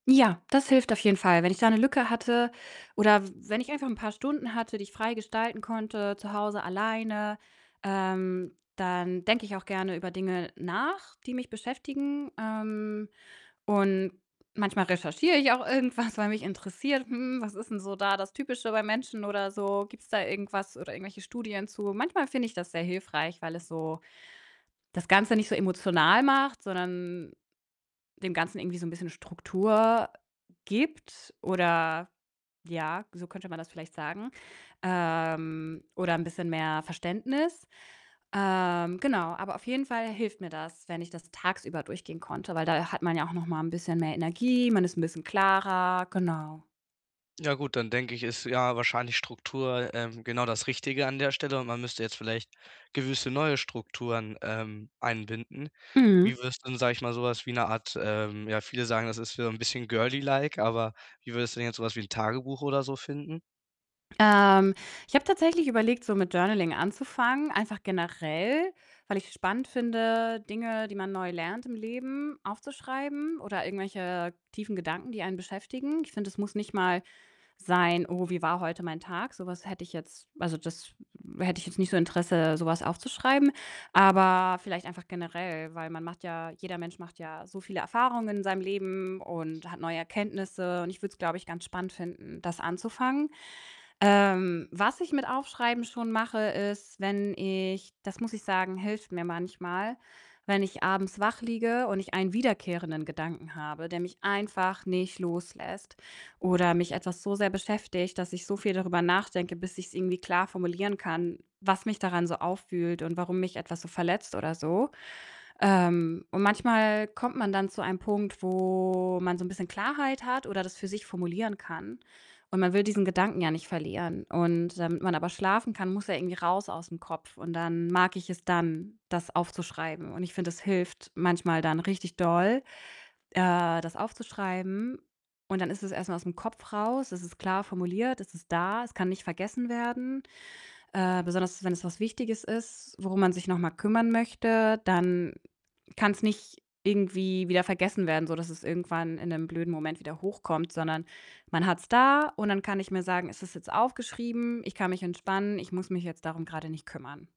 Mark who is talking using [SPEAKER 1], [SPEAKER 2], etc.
[SPEAKER 1] Ja, das hilft auf jeden Fall. Wenn ich da 'ne Lücke hatte oder w wenn ich einfach 'n paar Stunden hatte, die ich frei gestalten konnte, zu Hause alleine, ähm, dann denke ich auch gerne über Dinge nach, die mich beschäftigen. Ähm, und manchmal recherchiere ich auch irgendwas, weil mich interessiert, hm, was ist 'n so da das Typische beim Menschen oder so? Gibt's da irgendwas oder irgendwelche Studien zu? Manchmal finde ich das sehr hilfreich, weil es so das Ganze nicht so emotional macht, sondern dem Ganzen irgendwie so 'n bisschen Struktur gibt, oder ja, so könnte man das vielleicht sagen, ähm, oder 'n bisschen mehr Verständnis. Ähm, genau, aber auf jeden Fall hilft mir das, wenn ich das tagsüber durchgehen konnte, weil da hat man ja auch noch mal 'n bisschen mehr Energie, man ist 'n bisschen klarer, genau.
[SPEAKER 2] Ja gut, dann denke ich, ist, ja, wahrscheinlich Struktur, ähm, genau das Richtige an der Stelle und man müsste jetzt vielleicht gewisse neue Strukturen, ähm, einbinden.
[SPEAKER 1] Mhm.
[SPEAKER 2] Wie würdest du denn, sage ich mal, so was wie 'ne Art, ähm ja, viele sagen, das ist wieder 'n bisschen girly like, aber wie würdest du denn jetzt so was wie 'n Tagebuch oder so finden?
[SPEAKER 1] Ähm, ich habe tatsächlich überlegt, so mit Journaling anzufangen, einfach generell, weil ich's spannend finde, Dinge, die man neu lernt im Leben, aufzuschreiben oder irgendwelche tiefen Gedanken, die einen beschäftigen. Ich finde, das muss nicht mal sein: „Oh, wie war heute mein Tag?“ Sowas hätte ich jetzt also, das hätte ich jetzt nicht so Interesse, so was aufzuschreiben. Aber vielleicht einfach generell, weil man macht ja jeder Mensch macht ja so viele Erfahrungen in seinem Leben und hat neue Erkenntnisse und ich würde es, glaube ich, ganz spannend finden, das anzufangen. Ähm, was ich mit Aufschreiben schon mache, ist, wenn ich das muss ich sagen, hilft mir manchmal, wenn ich abends wach liege und ich einen wiederkehrenden Gedanken habe, der mich einfach nicht loslässt oder mich etwas so sehr beschäftigt, dass ich so viel darüber nachdenke, bis ich's irgendwie klar formulieren kann, was mich daran so aufwühlt und warum mich etwas so verletzt oder so. Ähm, und manchmal kommt man dann zu einem Punkt, wo man so 'n bisschen Klarheit hat oder das für sich formulieren kann, und man will diesen Gedanken ja nicht verlieren. Und damit man aber schlafen kann, muss er irgendwie raus aus'm Kopf. Und dann mag ich es dann, das aufzuschreiben und ich finde, das hilft manchmal dann richtig doll, äh, das aufzuschreiben. Und dann ist es erst mal aus'm Kopf raus, es ist klar formuliert, es ist da, es kann nicht vergessen werden. Äh, besonders, wenn es was Wichtiges ist, worum man sich noch mal kümmern möchte, dann kann's nicht irgendwie wieder vergessen werden, sodass es irgendwann in 'nem blöden Moment wieder hochkommt, sondern man hat's da und dann kann ich mir sagen: „Es ist jetzt aufgeschrieben, ich kann mich entspannen, ich muss mich jetzt darum grade nicht kümmern.“